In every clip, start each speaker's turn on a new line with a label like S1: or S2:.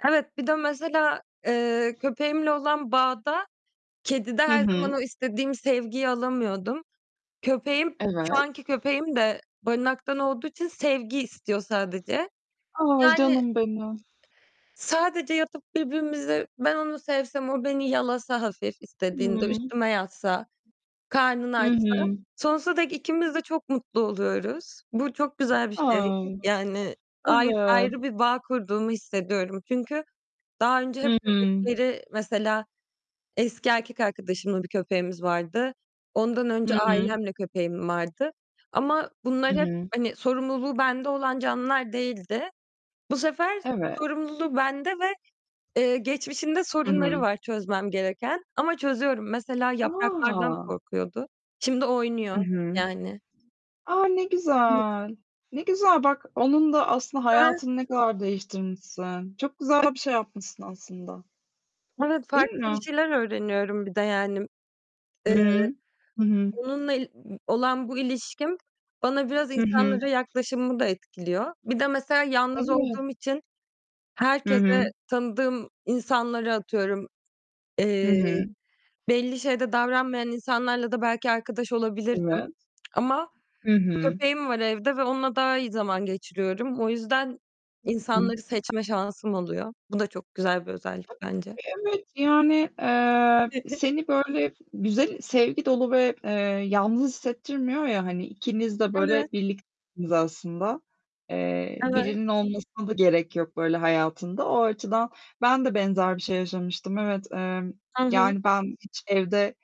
S1: Evet, bir de mesela, eee, köpeğimle olan bağda kedide
S2: Hı
S1: her zaman
S2: hı.
S1: o istediğim sevgiyi alamıyordum. Köpeğim, şu
S2: Evet.
S1: anki köpeğim de barınaktan olduğu için sevgi istiyor sadece.
S2: Ay,
S1: Yani
S2: canım benim.
S1: sadece yatıp birbirimize ben onu sevsem o beni yalasa hafif istediğinde,
S2: Hı.
S1: üstüme yatsa, karnını
S2: Hı
S1: açsa,
S2: hı.
S1: sonsuza dek ikimiz de çok mutlu oluyoruz. Bu çok güzel bir şey.
S2: Ay,
S1: Yani, ay
S2: evet.
S1: ayrı bir bağ kurduğumu hissediyorum çünkü daha önce hep
S2: Hı hı.
S1: köpekleri, mesela eski erkek arkadaşımla bir köpeğimiz vardı. Ondan önce
S2: Hı hı.
S1: ailemle köpeğim vardı ama
S2: Hı
S1: bunlar hep,
S2: hı.
S1: hani, sorumluluğu bende olan canlılar değildi. Bu sefer
S2: Evet.
S1: sorumluluğu bende ve, eee, geçmişinde
S2: Hı
S1: sorunları
S2: hı.
S1: var çözmem gereken ama çözüyorum. Mesela yapraklardan
S2: A!
S1: korkuyordu. Şimdi oynuyor
S2: Hı hı.
S1: yani.
S2: A, ne
S1: [unintelligible]
S2: güzel! Ne güzel bak, onun da aslında
S1: Ben
S2: hayatını ne kadar değiştirmişsin. Çok güzel bir şey yapmışsın aslında.
S1: Evet
S2: Değil
S1: farklı bir
S2: mi?
S1: şeyler öğreniyorum bir de yani,
S2: Hı
S1: eee,
S2: hı. Hı hı.
S1: onunla il olan bu ilişkim bana biraz
S2: Hı hı.
S1: insanlara yaklaşımımı da etkiliyor. Bir de mesela yalnız
S2: Evet.
S1: olduğum için
S2: Hı
S1: herkese
S2: hı.
S1: tanıdığım insanlara atıyorum,
S2: Hı
S1: eee,
S2: hı.
S1: belli şeyde davranmayan insanlarla da belki arkadaş olabilirdim
S2: Evet.
S1: ama
S2: Hı hı.
S1: köpeğim var evde ve onunla daha iyi zaman geçiriyorum. O yüzden insanları
S2: [unintelligible]
S1: seçme şansım oluyor. Bu da çok güzel bir özellik
S2: Tabii
S1: bence.
S2: ki evet. Yani, eee, seni böyle güzel, sevgi dolu ve, eee, yalnız hissettirmiyor ya hani, ikiniz de
S1: Evet.
S2: böyle birliktiniz aslında. Eee,
S1: Evet.
S2: birinin olmasına da gerek yok böyle hayatında. O açıdan ben de benzer bir şey yaşamıştım. Evet, eee,
S1: Hı hı.
S2: yani, ben hiç evde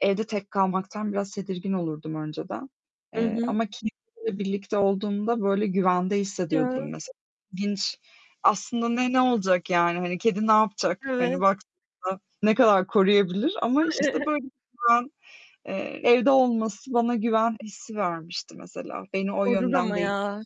S2: evde tek kalmaktan biraz tedirgin olurdum önceden,
S1: Hı
S2: eee,
S1: hı.
S2: ama kedi ile birlikte olduğumda böyle güvende
S1: Ya.
S2: hissediyordum mesela. İlginç. Aslında ne ne olacak yani, hani, kedi ne yapacak,
S1: Evet.
S2: hani, baktığında. Ne kadar koruyabilir ama işte böyle bir güven, eee, evde olması bana güven hissi vermişti mesela. Beni o
S1: Korur
S2: yönden
S1: ama
S2: değ
S1: ya.